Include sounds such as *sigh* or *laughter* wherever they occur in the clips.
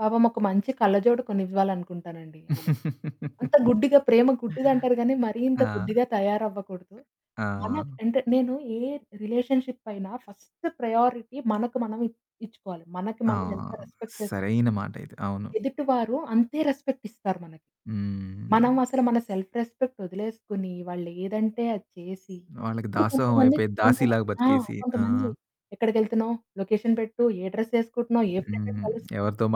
పాపం ఒక మంచి కళ్ళజోడు కొనివ్వాలనుకుంటాను అండి ఆమెకి. అంత *laughs* గుడ్డిగా ప్రేమ గుడ్డిదంటారు కానీ మరి ఇంత ఆ! గుడ్డిగా తయారవ్వకూడదు. ఆ! మన అంటే నేను ఏ రిలేషన్‌షిప్ అయినా ఫస్ట్ ప్రయారిటీ మనకు మనం ఇ ఇచ్చుకోవాలి. మనకి ఆ! మనం ఎంత రెస్పెక్ట్ చేస్ సరైన మాట ఇది. అవును. ఎదుటివారు అంతే రెస్పెక్ట్ ఇస్తారు మనకి. మనం హ్మ్. అసలు మన సెల్ఫ్ రెస్పెక్ట్ వదిలేసుకొని వాళ్లేదంటే అది చేసి, వాళ్ళకి ఇప్పుడు దాసోహం కొంతమంది అయిపోయి *unintelligible* దాసీలాగా ఆ! బ్రతికేసి, ఆ! కొంతమంది, "ఎక్కడికెళ్తున్నావ్? లొకేషన్ పెట్టు. ఏ డ్రెస్ ఎసుకుంటున్నావు? ఏ ఫ్రెండ్‌ని హ్మ్. కలుస్తున్నావు? ఎవరితో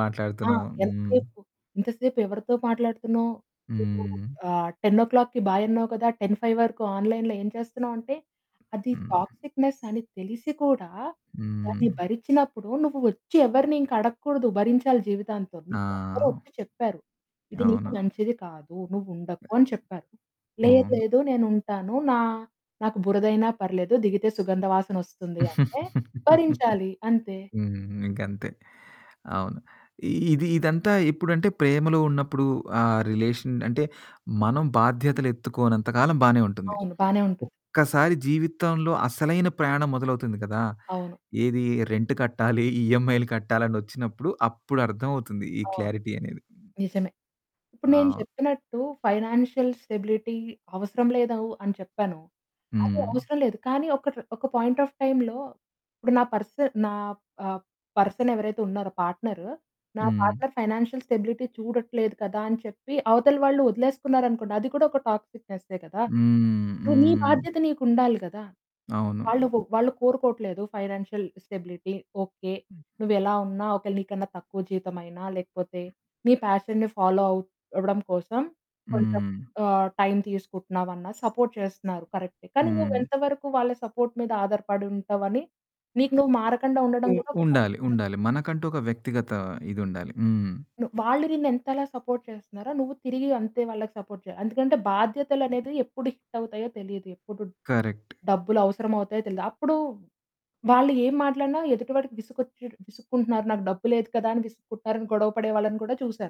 ఆ! మాట్లాడుతున్నావు? హ్మ్. ఎంతసేపు? ఇంతసేపు ఎవరితో మాట్లాడుతున్నావు? హ్మ్. ఆహ్, 10కి బాయ్ అన్నావు కదా. 10:05 వరకు ఆన్లైన్‌లో ఏం చేస్తున్నావు?" అంటే అది హ్మ్. టాక్సిక్నెస్ అని తెలిసి కూడా హ్మ్. దాన్ని భరించినప్పుడు నువ్వు వచ్చి ఎవరిని అడగకూడదు. భరించాలి జీవితాంతం. నీకు అందరూ ఆ! వచ్చి చెప్పారు, "ఇది నీకు అవును. మంచిది కాదు. నువ్వు ఉండకు" అని చెప్పారు. "లేదు, అవును. లేదు. నేను ఉంటాను. నా నాకు బురద అయినా పర్లేదు. దిగితే సుగంధ వాసనొస్తుంది" అంటే *laughs* భరించాలి. అంతే. హ్మ్. ఇంక అంతే. అవును, ఇది ఇదంతా ఎప్పుడంటే ప్రేమలో ఉన్నప్పుడు ఆ రిలేషన్ అంటే మనం బాధ్యతలెత్తుకోనంత కాలం బానే ఉంటుంది. అవును, బానే ఉంటుంది. ఒక్కసారి జీవితంలో అసలైన ప్రయాణం మొదలవుతుంది కదా. అవును. ఏది రెంట్ కట్టాలి, ఈఎమ్ఐలు కట్టాలి అనొచ్చినప్పుడు అప్పుడు అర్థం అవుతుంది ఈ అవును క్లారిటీ అనేది. నిజమే. ఇప్పుడు నేను ఆ! చెప్పినట్టు ఫైనాన్షియల్ స్టెబిలిటీ అవసరం లేదు అవ్ అని చెప్పాను. అది హ్మ్. అవసరం లేదు. కానీ ఒకటి, ఒక పాయింట్ ఆఫ్ టైమ్‌లో ఇప్పుడు నా పర్సన్ నా ఆహ్, పర్సన్ ఎవరైతే ఉన్నారో, పార్ట్నర్, నా హ్మ్. పార్ట్నర్ ఫైనాన్షియల్ స్టెబిలిటీ చూడట్లేదు కదా అని చెప్పి అవతల వాళ్ళు వదిలేసుకున్నారనుకోండి, అది కూడా ఒక టాక్సిక్నెసే కదా! హ్మ్, ను నీ హ్మ్. బాధ్యత నీకు ఉండాలి కదా. అవును. వాళ్ళు కొ వాళ్ళు కోరుకోవట్లేదు ఫైనాన్షియల్ స్టెబిలిటీ. ఓకే. నువ్వెలా ఉన్నా, ఒకవేళ నీకన్నా తక్కువ జీతం అయినా, లేకపోతే నీ పాషన్‌ని ఫాలో అవ్ అవ్వడం కోసం కొంచం హ్మ్. ఆహ్, టైమ్ తీసుకుంటున్నావన్నా సపోర్ట్ చేస్తున్నారు. కరెక్టే. కానీ నువ్వు హ్మ్. ఎంత వరకు వాళ్ళ సపోర్ట్ మీద ఆధారపడి ఉంటావు అని నీకు నువ్వు మారకుండా ఉండడం ఉ కూడా ఒక ఉండాలి టాక్సిక్నెస్. ఉండాలి. మనకంటూ ఒక వ్యక్తిగత ఇది ఉండాలి. హ్మ్. ను వాళ్ళు నిన్నెంతలా సపోర్ట్ చేస్తున్నారో, నువ్వు తిరిగి అంతే వాళ్ళకి సపోర్ట్ చెయ్యాలి. ఎందుకంటే బాధ్యతలు అనేది ఎప్పుడు హిట్ అవుతాయో తెలియదు. ఎప్పుడు కరెక్ట్. డబ్బులవసరం అవుతాయో తెలీదు. అప్పుడు వాళ్ళు ఏం మాట్లాడినా ఎదుటి వాడికి విసుగొచ్చి విసుక్కుంటున్నారు, "నాకు డబ్బు లేదు కదా" అని విసుక్కుంటున్నారు అని గొడవ పడే వాళ్ళని కూడా చూసాను.